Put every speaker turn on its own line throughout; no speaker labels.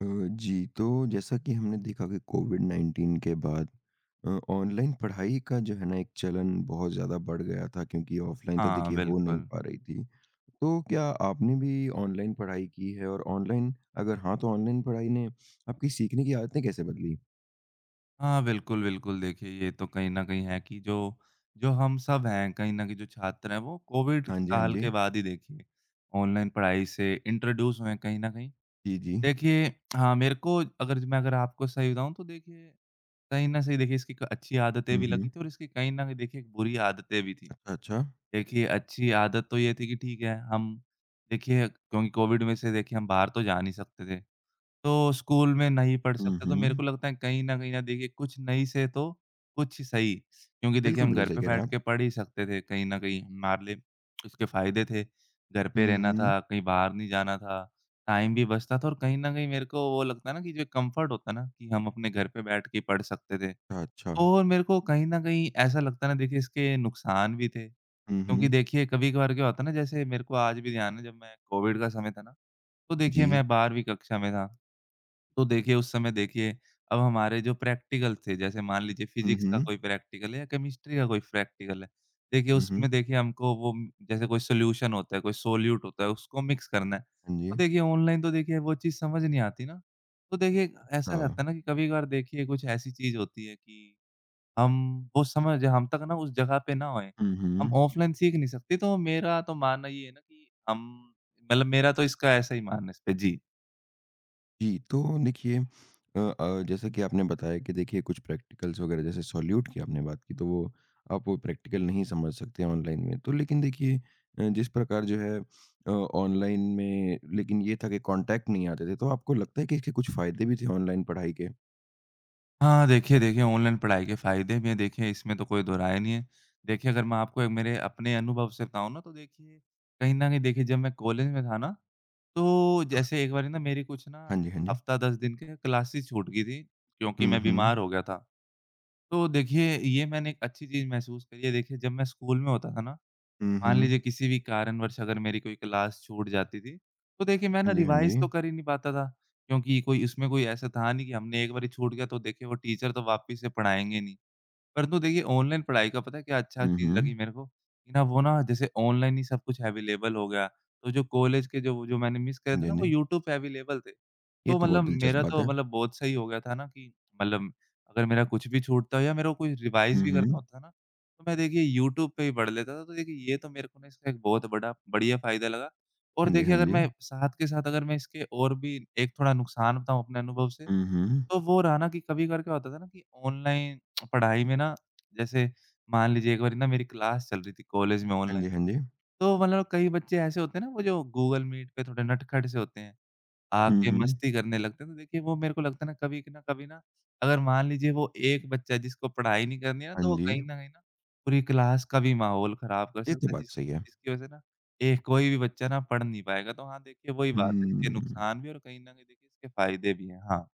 अ, जी, तो जैसा कि हमने देखा कि कोविड-19 के बाद अ, ऑनलाइन पढ़ाई का जो है ना एक चलन बहुत ज़्यादा बढ़ गया था क्योंकि ऑफ़लाइन तो
हाँ,
देखिए हो नहीं
बिल्कुल।
पा रही थी, तो क्या आपने भी ऑनलाइन पढ़ाई की हैं और ऑनलाइन अगर हाँ, तो ऑनलाइन पढ़ाई ने आपकी सीखने की आदतें कैसे बदली?
हाँ। बिल्कुल, बिल्कुल। देखिए ये तो कहीं न कहीं है कि जो जो हम सब हैं, कहीं न कहीं जो छात्र हैं, वो कोविड
हाँ जी, हाँ
काल
जी।
के बाद ही देखिए ऑनलाइन पढ़ाई से इंट्रोड्यूस हुए हैं कहीं न कहीं।
जी, जी।
देखिए हाँ, मेरे को अगर मैं अगर आपको सही बताऊँ तो देखिए कहीं ना से देखिए इसकी क अच्छी आदतें
हुँ,
भी लगी
हुँ।
थीं और इसकी कहीं न कहीं देखिए एक बुरी आदतें भी थीं,
अ, अच्छा।
देखिए अच्छी आदत तो ये थी कि ठीक है, हम देखिए क्यों कोविड में से देखिए हम बाहर तो जा नहीं सकते थे, तो स्कूल में नहीं पढ़
हुँ,
सकते, तो मेरे को
हुँ।
लगता है कहीं न कहीं ना देखिए कुछ नहीं से तो कुछ सही, क्योंकि देखिए
बिल्कुल,
हम
बिल्कुल।
घर
सही
पे
कह रहे हैं
बैठ के
आप।
पढ़ ही सकते थे कहीं न कहीं, हमारे लिए उसके फ़ायदे थे, घर पे
हुँ,
रहना
हुँ।
था, कहीं बाहर नहीं जाना था, टाइम भी बचता था और कहीं न कहीं मेरे को वो लगता है ना कि जो कम्फर्ट होता है ना कि हम अपने घर पे बैठ के पढ़ सकते थे
अच्छा।
और मेरे को कहीं न कहीं ऐसा लगता है ना देखिए इसके नुकसान भी थे,
हुँ,
क्योंकि
हुँ।
देखिए कभी-कभार क्या होता है ना, जैसे मेरे को आज भी ध्यान है जब मैं कोविड का समय था ना, तो देखिए
जी।
मैं 12वीं कक्षा में था, तो देखिए उस समय देखिए अब हमारे जो प्रैक्टिकल थे, जैसे मान लीजिए
हुँ,
फिजिक्स का
हुँ।
कोई प्रैक्टिकल है या केमिस्ट्री का कोई प्रैक्टिकल है, देखिए
हुँ,
उसमें
हुँ।
देखिए हमको वो जैसे कोई सॉल्यूशन होता है, कोई सोल्यूट होता है, उसको मिक्स करना है,
हाँ
तो
जी।
देखिए ऑनलाइन तो देखिए वो चीज़ समझ नहीं आती ना? तो देखिए ऐसा
हाँ।
रहता है ना कि कभी-कभार देखिए कुछ ऐसी चीज़ होती है कि हम वो समय, जहाँ तक ना, उस जगह पे ना होएँ,
हुँ,
हम
हुँ।
ऑफलाइन सीख नहीं सकते, तो मेरा तो मानना ये है ना कि हम मतलब मेरा तो इसका ऐसा ही मानना है इस पे। जी।
जी, तो देखिए अ अ, जैसा कि आपने बताया कि देखिए कुछ प्रैक्टिकल्स वग़ैरह, जैसे सॉल्यूट की आपने बात की, तो वो आप वो प्रैक्टिकल नहीं समझ सकते ऑनलाइन में, तो लेकिन देखिए अ, जिस प्रकार जो है अ, ऑनलाइन में लेकिन ये था कि कॉन्टैक्ट नहीं आते थे, तो आपको लगता है कि इसके कुछ फ़ायदे भी थे ऑनलाइन पढ़ाई के?
हाँ, हाँ। देखिए देखिए ऑनलाइन पढ़ाई के फ़ायदे भी हैं, देखिए इसमें तो कोई दो राय नहीं है, देखिए अगर मैं आपको एक मेरे अपने अनुभव से बताऊँ ना, तो देखिए कहीं न कहीं देखिए जब मैं कॉलेज में था ना, तो जैसे एक बारी ना मेरी कुछ ना
हाँ जी,
जैसे
हाँ जी।
हफ़्ता 10 दिन की क्लासेस छूट गई थीं क्योंकि
हुँ,
मैं
हुँ।
बीमार हो गया था, तो देखिए ये मैंने एक अच्छी चीज़ महसूस करी है, देखिए जब मैं स्कूल में होता था ना, मान
उहुँ।
लीजिए किसी भी कारणवश अगर मेरी कोई क्लास छूट जाती थी, तो देखिए मैं ना
हाँ जी, हाँ
रिवाइज़ तो
जी।
कर ही नहीं पाता था क्योंकि कोई उसमें कोई ऐसा था नहीं कि हमने एक बारी छूट गया, तो देखिए वो टीचर तो वापिस से पढ़ाएँगे नहीं, परंतु देखिए ऑनलाइन पढ़ाई का पता है क्या अच्छी चीज़ लगी
उहुँ।
मेरे को, कि ना, वो ना, जैसे ऑनलाइन ही सब कुछ अवेलेबल हो गया है, तो जो कॉलेज के जो वो जो मैंने मिस करे
हाँ
थे
जी,
ना,
हाँ
वो
जी।
यूट्यूब पे अवेलेबल थे,
ये
तो
तो बहुत
मतलब
दिलचस्प
मेरा
बात
तो
है।
मतलब बहुत सही हो गया था ना कि मतलब अगर मेरा कुछ भी छूटता हो या मेरा कोई रिवाइज़
हुँ,
भी करना
हुँ।
होता है ना, तो मैं देखिए यूट्यूब पे ही पढ़ लेता था, तो देखिए ये तो मेरे को ना इससे एक बहुत बड़ा बढ़िया फ़ायदा लगा और
हाँ जी,
देखिए
हाँ
अगर मैं
जी।
साथ के साथ अगर मैं इसके और भी एक थोड़ा नुकसान बताऊँ अपने अनुभव से,
उहुँ।
तो वो रहा ना कि कभी-कभार क्या होता था ना कि ऑनलाइन पढ़ाई में ना, जैसे मान लीजिए एक बारी ना मेरी क्लास चल रही थी कॉलेज में
हाँ जी,
ऑनलाइन,
हाँ जी।
तो मतलब अब कई बच्चे ऐसे होते हैं ना, वो जो गूगल मीट पे थोड़े नटखट से होते हैं, आके
उहुँ।
मस्ती करने लगते हैं, तो देखिए वो मेरे को लगता है ना कभी कि ना कभी ना अगर मान लीजिए वो एक बच्चा जिसको पढ़ाई नहीं करनी है ना, तो
हाँ
वो कहीं
जी।
न कहीं ना पूरी क्लास का भी माहौल खराब कर
ये तो
सकता है, जिस
बात सही है।
जिसकी वज़ह से ना, एक कोई भी बच्चा ना पढ़ नहीं पाएगा, तो हाँ, देखिए वो ही बात है, इसके
उहुँ।
नुकसान भी हैं और कहीं न कहीं देखिए इसके फ़ायदे भी हैं। हाँ।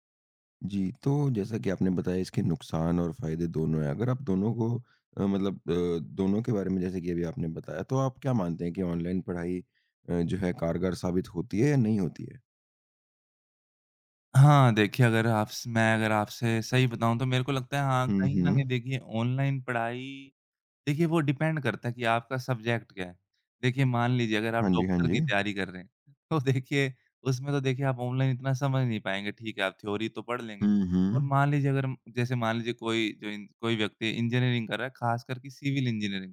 जी, तो जैसा कि आपने बताया इसके नुकसान और फ़ायदे दोनों हैं, अगर आप दोनों को अ, मतलब अ, दोनों के बारे में जैसे कि अभी आपने बताया, तो आप क्या मानते हैं कि ऑनलाइन पढ़ाई अ, जो है कारगर साबित होती है या नहीं होती है?
हाँ, देखिए अगर आप स मैं अगर आपसे सही बताऊँ तो मेरे को लगता है हाँ,
हुँ,
कहीं न कहीं
हुँ।
देखिए ऑनलाइन पढ़ाई देखिए वो डिपेंड करता है कि आपका सब्जेक्ट क्या है? देखिए, मान लीजिए अगर आप
हाँ जी, हाँ
डॉक्टर
जी।
की तैयारी कर रहे हैं, तो देखिए उसमें तो देखिए आप ऑनलाइन इतना समझ नहीं पाएँगे, ठीक है, आप थ्योरी तो पढ़ लेंगे।
हुँ,
और
हुँ।
मान लीजिए अगर हम जैसे मान लीजिए कोई जो इन कोई व्यक्ति इंजीनियरिंग कर रहा है, ख़ासकर कि सिविल इंजीनियरिंग,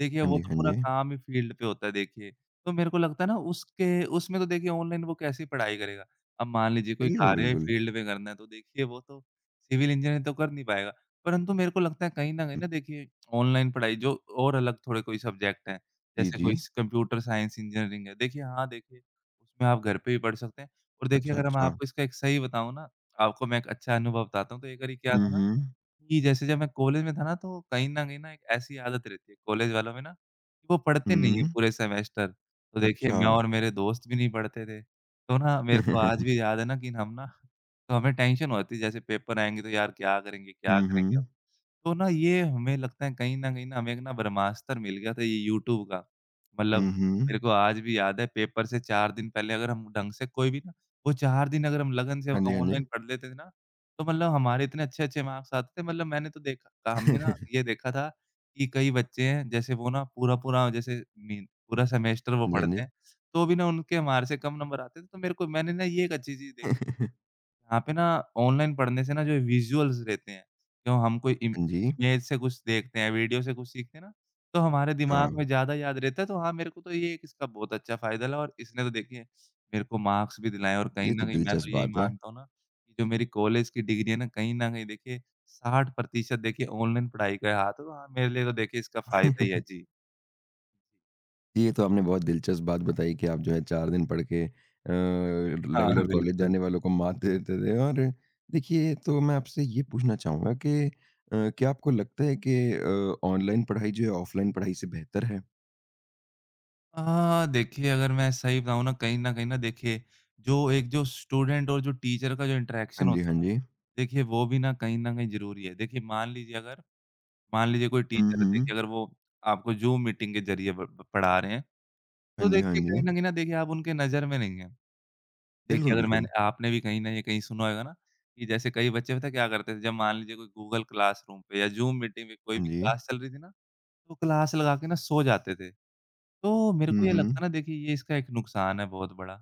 देखिए
हाँ
वो
जी,
तो
हाँ
पूरा
जी।
काम ही फ़ील्ड पे होता है देखिए, तो मेरे को लगता है ना उसके उसमें तो देखिए ऑनलाइन वो कैसे ही पढ़ाई करेगा? अब मान लीजिए कोई
बिल्कुल,
कार्य ही
बिल्कुल।
फ़ील्ड में करना है, तो देखिए वो तो सिविल इंजीनियर तो कर नहीं पाएगा, परंतु मेरे को लगता है कहीं न कहीं
हुँ।
ना, देखिए ऑनलाइन पढ़ाई जो और अलग थोड़े कोई सब्जेक्ट हैं,
जी,
जैसे कोई
जी।
स कंप्यूटर साइंस इंजीनियरिंग है, देखिए हाँ, देखिए उसमें आप घर पे भी पढ़ सकते हैं। और देखिए
अच्छा,
अगर मैं
अच्छा।
आपको इसका एक सही बताऊँ ना, आपको मैं एक अच्छा अनुभव बताता हूँ, तो एक बारी क्या
हुँ,
था ना
हुँ।
कि, जैसे जब मैं कॉलेज में था ना, तो कहीं न कहीं ना एक ऐसी आदत रहती है कॉलेज वालों में ना, कि वो पढ़ते नहीं है
हुँ।
पूरे सेमेस्टर, तो देखिए मैं
अच्छा।
और मेरे दोस्त भी नहीं पढ़ते थे, तो ना मेरे को आज भी याद है ना, कि हम ना तो हमें टेंशन हो जाती, जैसे पेपर आएँगे तो यार क्या करेंगे, क्या
हुँ,
करेंगे अब,
हुँ।
तो ना ये हमें लगता है कहीं न कहीं ना हमें एक ना ब्रह्मास्त्र मिल गया था ये यूट्यूब का। मतलब
हुँ, हुँ।
मेरे को आज भी याद है पेपर से चार दिन पहले अगर हम ढंग से कोई भी ना वो चार दिन अगर हम लगन से अ,
हाँ जी, हाँ
ऑनलाइन
जी।
पढ़ लेते ना, तो मतलब हमारे इतने अच्छे-अच्छे मार्क्स आते थे, मतलब मैंने तो देखा था हमने ना ये देखा था कि कई बच्चे हैं, जैसे वो ना पूरा-पूरा जैसे मी पूरा सेमेस्टर वो
हाँ जी, हाँ
पढ़ते
जी।
हैं, तो भी ना उनके हमारे से कम नंबर आते थे, तो मेरे को मैंने ना ये एक अच्छी चीज़ देख यहाँ पे ना, ऑनलाइन पढ़ने से ना, जो विज़ुअल्स रहते हैं, क्यों हम कोई इम
हाँ जी।
इमेज से कुछ देखते हैं, वीडियो से कुछ सीखते हैं ना, तो हमारे दिमाग
हाँ।
में ज़्यादा याद रहता है, तो हाँ, मेरे को तो ये एक इसका बहुत अच्छा फ़ायदा लगा और इसने तो देखिए मेरे को मार्क्स भी दिलाएँ है और कहीं
ये तो
न कहीं मैं
दिलचस्प
तो यही
बात है।
मानता हूँ ना, कि जो मेरी कॉलेज की डिग्री है ना, कहीं न कहीं देखिए 60% देखिए ऑनलाइन पढ़ाई का ही हाथ है, तो हाँ, मेरे लिए तो देखिए इसका फ़ायदा ही है। जी।
ये तो आपने बहुत दिलचस्प बात बताई कि आप जो है चार दिन पढ़ के अ,
हाँ, हाँ।
रेगुलर कॉलेज
बिल्कुल।
जाने वालों को मात दे देते थे और देखिए तो मैं आपसे ये पूछना चाहूँगा कि अ, क्या आपको लगता है कि अ, ऑनलाइन पढ़ाई जो है ऑफ़लाइन पढ़ाई से बेहतर है?
अ, देखिए अगर मैं सही बताऊँ ना, कहीं न कहीं ना देखिए जो एक जो स्टूडेंट और जो टीचर का जो इंटरैक्शन
हाँ जी,
होता
हाँ
ना,
जी।
देखिए वो भी ना कहीं न कहीं ज़रूरी है, देखिए मान लीजिए अगर मान लीजिए कोई
हुँ,
टीचर थे कि
हुँ।
अगर वो आपको जूम मीटिंग के ज़रिए ब ब पढ़ा रहे हैं,
हाँ
तो
जी, हाँ
देखिए कहीं
जी।
न कहीं ना देखिए आप उनके नज़र में नहीं हैं, देखिए
बिल्कुल,
अगर
बिल्कुल।
मैंने आपने भी कहीं न कहीं सुना होगा ना कि, जैसे कई बच्चे पता है क्या करते थे, जब मान लीजिए कोई गूगल क्लासरूम पे या ज़ूम मीटिंग पे कोई
हाँ
भी
जी।
क्लास चल रही थी ना, तो वो क्लास लगा के ना सो जाते थे, तो मेरे को
हुँ,
ये लगता
हुँ।
है ना देखिए ये इसका एक नुकसान है बहुत बड़ा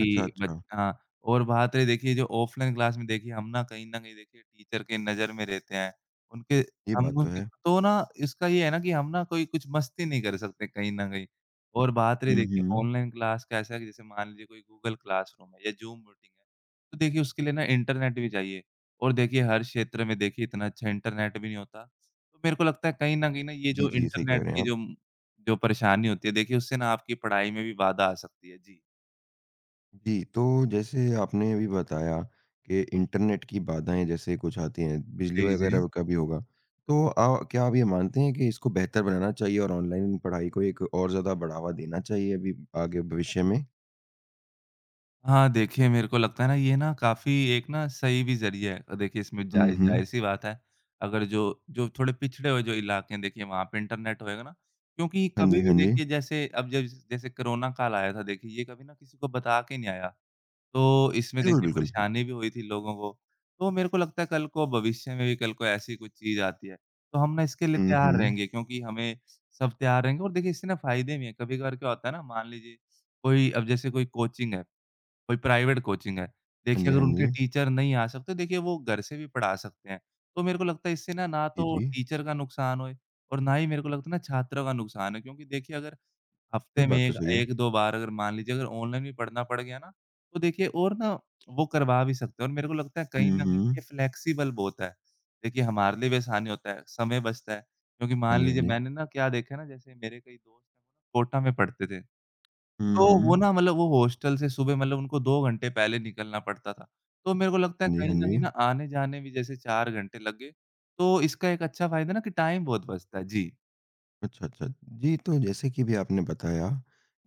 अच्छा,
ब
अच्छा।
हाँ, और बात है देखिए जो ऑफ़लाइन क्लास में देखिए हम ना, कहीं न कहीं देखिए टीचर के नज़र में रहते हैं, उनके
ये
हम
बात तो
उनके
है।
तो ना इसका ये है ना कि हम ना कोई कुछ मस्ती नहीं कर सकते कहीं न कहीं और बात रही
हुँ,
देखिए
हुँ।
ऑनलाइन क्लास कैसा है? जैसे कि मान लीजिए कोई गूगल क्लासरूम है या ज़ूम मीटिंग है, तो देखिए उसके लिए ना इंटरनेट भी चाहिए और देखिए हर क्षेत्र में देखिए इतना अच्छा इंटरनेट भी नहीं होता, तो मेरे को लगता है कहीं न कहीं ना ये
जी,
जो
जी। सही कह
इंटरनेट
रहे हैं
की
आप।
जो जो परेशानी होती है, देखिए उससे ना आपकी पढ़ाई में भी बाधा आ सकती है। जी।
जी, तो जैसे आपने अभी बताया कि इंटरनेट की बाधाएँ जैसे कुछ आती हैं, बिजली
जी, जी।
वगैरह का भी होगा। तो अ, क्या आप ये मानते हैं कि इसको बेहतर बनाना चाहिए और ऑनलाइन पढ़ाई को एक और ज़्यादा बढ़ावा देना चाहिए अभी आगे भविष्य में?
हाँ देखिए, मेरे को लगता है ना ये ना काफ़ी एक ना सही भी ज़रिया है। अ, देखिए इसमें
हुँ,
ज़ाहि
हुँ।
ज़ाहिर-सी बात है अगर जो जो थोड़े पिछड़े हुए जो इलाके हैं देखिए वहाँ पे इंटरनेट होएगा ना क्योंकि
हाँ जी,
कभी भी
हाँ जी।
देखिए जैसे अब जैस जैसे कोरोना काल आया था देखिए ये कभी ना किसी को बता के नहीं आया। तो इसमें
बिल्कुल,
देखिए
बिल्कुल।
परेशानी भी हुई थी लोगों को। तो मेरे को लगता है कल को भविष्य में भी कल को ऐसी कुछ चीज़ आती है। तो हम ना इसके लिए
हुँ,
तैयार
हुँ।
रहेंगे क्योंकि हमें सब तैयार रहेंगे और देखिए इससे ना फ़ायदे भी हैं कभी-कभार क्या होता है ना मान लीजिए कोई अब जैसे कोई कोचिंग है कोई प्राइवेट कोचिंग है।
हाँ
देखिए
जी,
अगर
हाँ
उनके
जी।
टीचर नहीं आ सकते तो देखिए वो घर से भी पढ़ा सकते हैं। तो मेरे को लगता है इससे ना, ना
जी,
तो
जी।
टीचर का नुकसान होए और ना ही मेरे को लगता है ना छात्रों का नुकसान है क्योंकि देखिए अगर
ये
हफ़्ते में
बात तो
एक
सही है।
एक दो बार अगर मान लीजिए अगर ऑनलाइन भी पढ़ना पड़ गया ना तो देखिए और ना वो करवा भी सकते हैं और मेरे को लगता है कहीं
हुँ,
न कहीं ये
हुँ।
फ्लेक्सिबल बहुत है। देखिए हमारे लिए भी आसान ही होता है, समय बचता है। क्योंकि
हाँ
मान
जी, हाँ
लीजिए
जी।
मैंने ना क्या देखा है ना जैसे मेरे कई दोस्त हैं कोटा में पढ़ते थे।
हुँ,
तो वो
हुँ।
ना मतलब वो हॉस्टल से सुबह मतलब उनको 2 घंटे पहले निकलना पड़ता था। तो मेरे को लगता है
हाँ जी, हाँ
कहीं न कहीं
जी।
ना आने-जाने भी जैसे 4 घंटे लगे। तो इसका एक अच्छा फ़ायदा है ना कि टाइम बहुत बचता है। जी।
अच्छा, अच्छा। जी, तो जैसे कि अभी आपने बताया,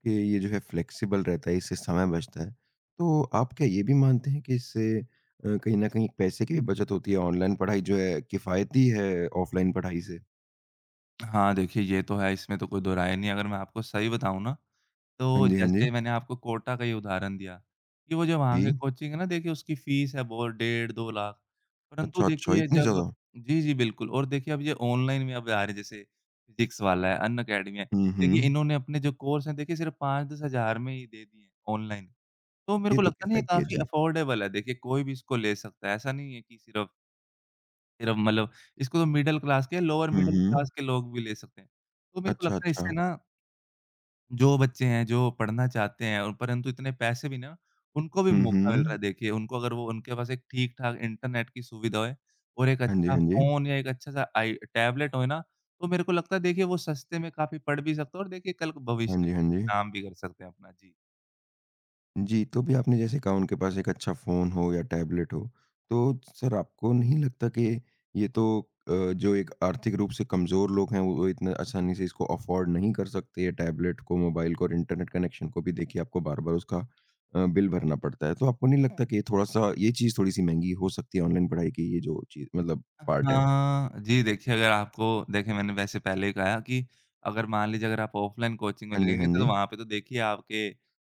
कि ये जो है फ़्लेक्सिबल रहता है, इससे समय बचता है, तो आप क्या ये भी मानते हैं कि इससे अ, कहीं न कहीं पैसे की भी बचत होती है, ऑनलाइन पढ़ाई जो है किफ़ायती है, ऑफलाइन पढ़ाई से?
हाँ, देखिए ये तो है, इसमें तो कोई दो राय नहीं, अगर मैं आपको सही बताऊँ ना, तो
हाँ जी, हाँ जी।
जैसे मैंने आपको कोटा का ही उदाहरण दिया कि वो जो वहाँ की
जी।
कोचिंग है ना, देखिए उसकी फीस है बहुत डेढ़ 2 लाख, परंतु
अच्छा, अच्छा।
देखिए
इतनी
जब
ज़्यादा?
जी, जी। बिल्कुल और देखिए अब ये ऑनलाइन में अब आ रहे हैं, जैसे फिज़िक्सवाला है, अनएकेडमी है,
हुँ,
देखिए
हुँ।
इन्होंने अपने जो कोर्स है देखिए सिर्फ़ 5-10 हज़ार में ही दे दिए हैं ऑनलाइन, तो मेरे
ये
को
तो
लगता है ना, ये
किफ़ायती है,
काफ़ी
जी।
अफ़ोर्डेबल है, देखिए कोई भी इसको ले सकता है, ऐसा नहीं है कि सिर्फ़ सिर्फ मतलब इसको तो मिडल क्लास क्या, लोअर
हुँ,
मिडल
हुँ।
क्लास के लोग भी ले सकते हैं, तो मेरे को
अच्छा,
लगता है इससे
अच्छा।
ना जो बच्चे हैं, जो पढ़ना चाहते हैं और परंतु इतने पैसे भी ना, उनको भी
हुँ,
मौका मिल रहा है
हुँ।
देखिए, उनको अगर वो उनके पास एक ठीक-ठाक इंटरनेट की सुविधा होए और एक
हाँ जी,
अच्छा
हाँ जी।
फ़ोन या एक अच्छा-सा आई टैबलेट होए ना, तो मेरे को लगता है देखिए वो सस्ते में काफ़ी पढ़ भी सकते हो और देखिए कल को
हाँ
भविष्य
जी, हाँ
में
जी।
काम भी कर सकते हैं, अपना। जी।
जी, तो अभी आपने जैसे कहा उनके पास एक अच्छा फ़ोन हो या टैबलेट हो। तो सर आपको नहीं लगता कि ये तो अ, जो एक आर्थिक रूप से कमज़ोर लोग हैं वो इतने आसानी से इसको अफ़ोर्ड नहीं कर सकते ये टैबलेट को मोबाइल को और इंटरनेट कनेक्शन को भी देखिए आपको बार-बार उसका अ, बिल भरना पड़ता है तो आपको नहीं लगता कि ये थोड़ा-सा ये चीज़ थोड़ी-सी महँगी हो सकती है ऑनलाइन पढ़ाई की ये जो चीज़ मतलब
अ,
पार्ट है?
हाँ जी देखिए अगर आपको देखिए मैंने वैसे पहले ही कहा कि अगर मान लीजिए अगर आप ऑफलाइन कोचिंग में
हाँ जी, हाँ
लगेंगे तो
जी।
वहाँ पे तो देखिए आपके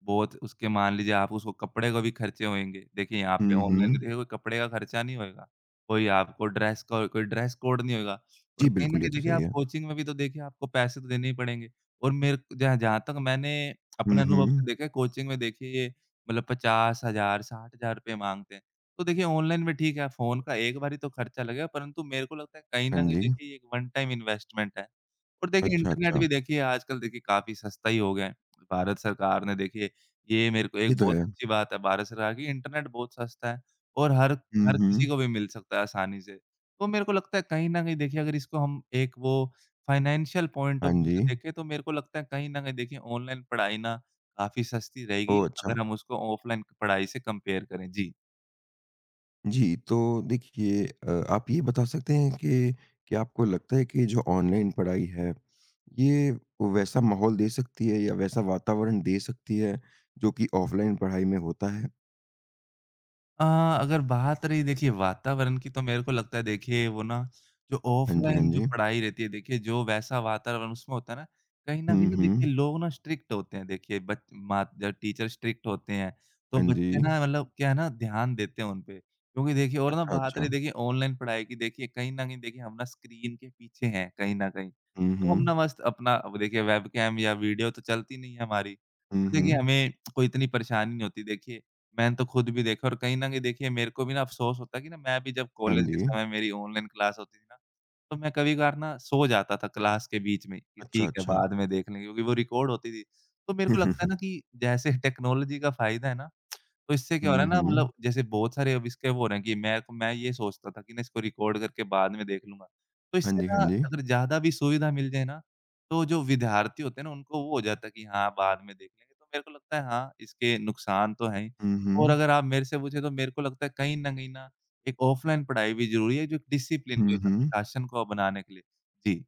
बहुत उसके मान लीजिए आप उसको कपड़े का भी ख़र्चे होएँगे। देखिए यहाँ पे
हुँ,
ऑनलाइन
हुँ।
देखिए कपड़े का ख़र्चा नहीं होएगा। कोई आपको ड्रेस को कोई ड्रेस कोड नहीं होएगा और
जी
कहीं न
बिल्कुल, ये
कहीं
तो
देखिए
सही
आप
है।
कोचिंग में भी तो देखिए आपको पैसे तो देने ही पड़ेंगे। और मेर क जहाँ जहाँ तक मैंने अपने
हुँ,
अनुभव से
हुँ।
देखा है कोचिंग में देखिए मतलब 50000, 60000 रुपए माँगते हैं। तो देखिए ऑनलाइन भी ठीक है फ़ोन का एक बारी तो ख़र्चा लगेगा परंतु मेरे को लगता है कहीं न
हाँ
कहीं
जी।
देखिए ये एक वन टाइम इन्वेस्टमेंट है। और देखिए
अच्छा,
इंटरनेट
अच्छा।
भी देखिए आजकल देखिए काफ़ी सस्ता ही हो गया है। भारत सरकार ने देखिए ये मेरे को
ये
एक
तो
बहुत
है।
अच्छी बात है भारत सरकार की इंटरनेट बहुत सस्ता है और हर
हुँ,
हर
हुँ।
किसी को भी मिल सकता है आसानी से। तो मेरे को लगता है कहीं न कहीं देखिए अगर इसको हम एक वो फाइनेंशियल पॉइंट
हाँ
ऑफ व्यू से
जी।
देखें तो मेरे को लगता है कहीं न कहीं देखिए ऑनलाइन पढ़ाई ना काफ़ी सस्ती रहेगी
ओह, अच्छा।
अगर हम उसको ऑफ़लाइन पढ़ाई से कंपेयर करें। जी।
जी, तो देखिए अ, आप ये बता सकते हैं कि कि आपको लगता है कि जो ऑनलाइन पढ़ाई है, ये वैसा माहौल दे सकती है या वैसा वातावरण दे सकती है जो कि ऑफ़लाइन पढ़ाई में होता है?
अ, अगर बात रही देखिए वातावरण की तो मेरे को लगता है देखिए वो ना जो
हाँ जी, हाँ
ऑफ़लाइन जो
जी।
पढ़ाई रहती है, देखिए जो वैसा वातावरण उसमें होता है ना, कहीं न कहीं
हुँ,
ना देखिए
हुँ।
लोग ना स्ट्रिक्ट होते हैं, देखिए बच माँ या टीचर स्ट्रिक्ट होते हैं तो
हाँ
बच्चे
जी।
ना मतलब क्या है ना ध्यान देते हैं उन पे क्योंकि देखिए और ना
अच्छा,
बात रही
अच्छा।
देखिए ऑनलाइन पढ़ाई की, देखिए कहीं न कहीं देखिए हम ना स्क्रीन के पीछे हैं कहीं न कहीं,
हुँ,
तो हम ना
हुँ।
मस्त अपना अब देखिए वेबकैम या वीडियो तो चलती नहीं है हमारी,
हुँ,
देखिए
हुँ।
हमें कोई इतनी परेशानी नहीं होती, देखिए मैंने तो खुद भी देखा है और कहीं न कहीं देखिए मेरे को भी ना अफ़सोस होता है कि ना मैं भी जब
हाँ
कॉलेज के
जी।
समय मेरी ऑनलाइन क्लास होती थी ना, तो मैं कभी-कभार ना सो जाता था क्लास के बीच में कि
अच्छा,
ठीक है,
अच्छा।
बाद में देख लेंगे क्योंकि वो रिकॉर्ड होती थी, तो मेरे को लगता है ना कि जैसे टेक्नोलॉजी का फ़ायदा है ना, तो इससे क्या हो रहा
हुँ,
है ना, मतलब
हुँ।
जैसे बहुत सारे अब इसके वो हो रहे है कि मैं तो मैं ये सोचता था कि ना इसको रिकॉर्ड करके बाद में देख लूँगा, तो
हाँ
इससे
जी,
ना
हाँ जी।
अगर ज़्यादा भी सुविधा मिल जाए ना तो जो विद्यार्थी होते हैं ना उनको वो हो जाता है कि हाँ, बाद में देख लेंगे, तो मेरे को लगता है हाँ, इसके नुकसान तो हैं ही
हुँ,
और
हुँ।
अगर आप मेरे से पूछें तो मेरे को लगता है कहीं न कहीं ना एक ऑफ़लाइन पढ़ाई भी ज़रूरी है जो एक डिसिप्लिन को,
हुँ,
एक
हुँ।
अनुशासन को बनाने के लिए। जी।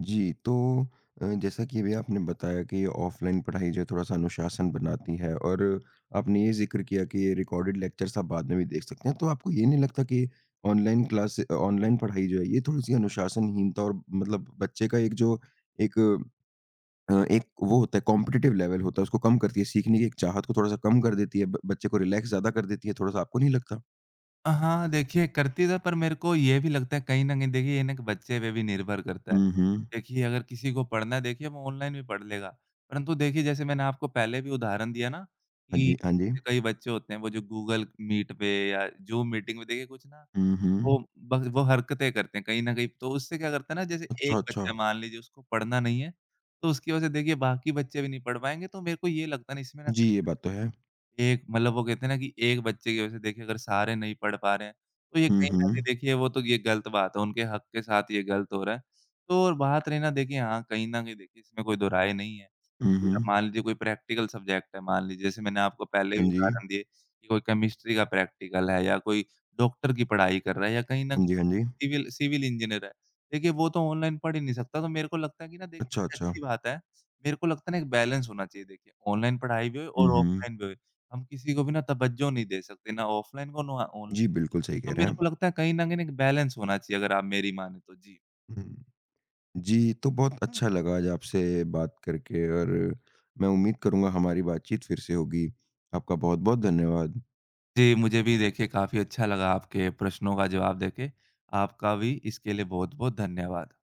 जी, तो अ, जैसा कि अभी आपने बताया कि ऑफलाइन पढ़ाई जो है थोड़ा-सा अनुशासन बनाती है और आपने ये ज़िक्र किया कि ये रिकॉर्डेड लेक्चर्स आप बाद में भी देख सकते हैं। तो आपको ये नहीं लगता कि ऑनलाइन क्लास अ, ऑनलाइन पढ़ाई जो है ये थोड़ी-सी अनुशासनहीनता और मतलब बच्चे का एक जो एक अ, एक वो होता है कॉम्पिटिटिव लेवल होता है उसको कम करती है सीखने की एक चाहत को थोड़ा-सा कम कर देती है ब बच्चे को रिलैक्स ज़्यादा कर देती है थोड़ा-सा आपको नहीं लगता?
अ, हाँ, हाँ देखिए करते थे पर मेरे को ये भी लगता है कहीं न कहीं देखिए ये ना एक बच्चे पे भी निर्भर करता है।
हुँ, हुँ।
देखिए अगर किसी को पढ़ना है देखिए वो ऑनलाइन भी पढ़ लेगा। परंतु देखिए जैसे मैंने आपको पहले भी उदाहरण दिया ना
हाँ
कि
जी, हाँ जी।
कई बच्चे होते हैं वो जो गूगल मीट पे या ज़ूम मीटिंग में देखिए कुछ ना
हुँ,
वो
हुँ।
ब वो हरकतें करते हैं कहीं न कहीं। तो उससे क्या करता है ना जैसे
अच्छा,
एक बच्चा
अच्छा।
मान लीजिए उसको पढ़ना नहीं है तो उसकी वजह से देखिए बाकी बच्चे भी नहीं पढ़ पाएँगे तो मेरे को ये लगता है ना इसमें ना
जी, ये बात तो है।
एक मतलब वो कहते हैं ना कि एक बच्चे की वजह से देखिए अगर सारे नहीं पढ़ पा रहे हैं तो ये
हुँ,
कहीं न कहीं
हुँ।
देखिए वो तो ये ग़लत बात है। उनके हक के साथ ये ग़लत हो रहा है। तो और बात रही ना देखिए हाँ कहीं न कहीं देखिए इसमें कोई दो राय नहीं है।
हुँ,
अब
हुँ।
मान लीजिए कोई प्रैक्टिकल सब्जेक्ट है मान लीजिए जैसे मैंने आपको पहले भी
हाँ जी।
उदाहरण दिए कि कोई केमिस्ट्री का प्रैक्टिकल है या कोई डॉक्टर की पढ़ाई कर रहा है या कहीं न
हाँ
कहीं
जी, हाँ जी।
सिविल सिविल इंजीनियर है। देखिए वो तो ऑनलाइन पढ़ ही नहीं सकता तो मेरे को लगता है कि ना देखिए
अच्छा,
ये
अच्छा।
अच्छी बात है। मेरे को लगता है ना एक बैलेंस होना चाहिए देखिए ऑनलाइन पढ़ाई भी होए
हुँ,
और
हुँ।
ऑफलाइन भी होए। हम किसी को भी ना तवज्जो नहीं दे सकते ना ऑफलाइन को ना औ ऑन
जी, बिल्कुल सही
तो
कह रहे
मेरे को
हैं।
लगता है कहीं न कहीं ना एक बैलेंस होना चाहिए अगर आप मेरी मानें तो। जी।
उहुँ। जी, तो बहुत अच्छा लगा आज आपसे बात करके और मैं उम्मीद करूँगा हमारी बातचीत फ़िर से होगी। आपका बहुत-बहुत धन्यवाद।
जी, मुझे भी देखिए काफ़ी अच्छा लगा आपके प्रश्नों का जवाब देके। आपका भी इसके लिए बहुत-बहुत धन्यवाद।